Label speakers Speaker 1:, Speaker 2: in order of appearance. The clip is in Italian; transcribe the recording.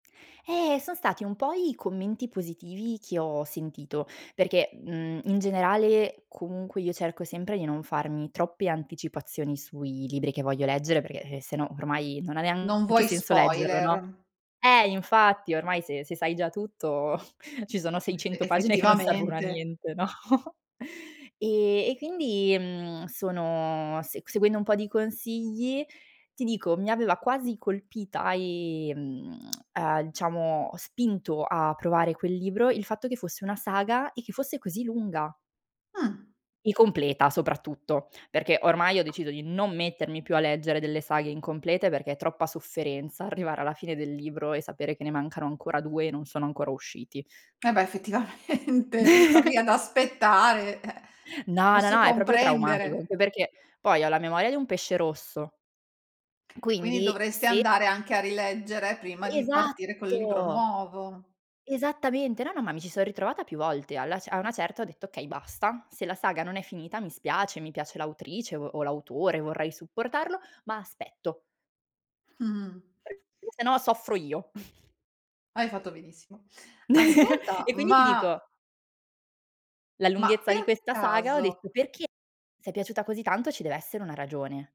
Speaker 1: Eh, son stati un po' i commenti positivi che ho sentito, perché, mhmm, in generale comunque io cerco sempre di non farmi troppe anticipazioni sui libri che voglio leggere, perché se no ormai, non ha
Speaker 2: Non
Speaker 1: neanche
Speaker 2: vuoi
Speaker 1: senso leggerlo, no.
Speaker 2: spoiler.
Speaker 1: Eh, infatti, ormai se se sai già tutto, ci sono
Speaker 2: Beh,
Speaker 1: 600 pagine che non servono a
Speaker 2: effettivamente.
Speaker 1: niente, no. E e quindi, mhmm, sono se seguendo un po' di consigli, ti dico, mi aveva quasi colpita, ehm uhm, diciamo spinto a provare quel libro il fatto che fosse una saga, e che fosse così lunga
Speaker 2: Mh.
Speaker 1: e completa soprattutto, perché ormai ho deciso di non mettermi più a leggere delle saghe incomplete, perché troppa sofferenza arrivare alla fine del libro, e sapere che ne mancano ancora 2 e non sono ancora usciti.
Speaker 2: E beh, effettivamente star lì ad aspettare eh,
Speaker 1: No, no,
Speaker 2: posso
Speaker 1: no, è proprio traumatico,
Speaker 2: comprendere.
Speaker 1: anche perché poi ho la memoria di un pesce rosso.
Speaker 2: Quindi,
Speaker 1: Quindi
Speaker 2: dovresti
Speaker 1: se
Speaker 2: andare anche a rileggere, prima di partire col libro
Speaker 1: Esatto.
Speaker 2: nuovo.
Speaker 1: Esattamente. No, no, ma mi ci so' ritrovata più volte. Alla cer a una certa ho detto: "Okay basta, se la saga non è finita mi spiace, mi piace l'autrice, o o l'autore, vorrei supportarlo, ma aspetto."
Speaker 2: Mh-mh.
Speaker 1: " [unintelligible] Perché se no soffro io."
Speaker 2: Hai fatto benissimo. Ascolta,
Speaker 1: E quindi ti
Speaker 2: ma
Speaker 1: dico La
Speaker 2: ma
Speaker 1: lunghezza
Speaker 2: per
Speaker 1: di questa saga, ho
Speaker 2: caso
Speaker 1: detto: "Perché, se è piaciuta così tanto ci deve essere una ragione."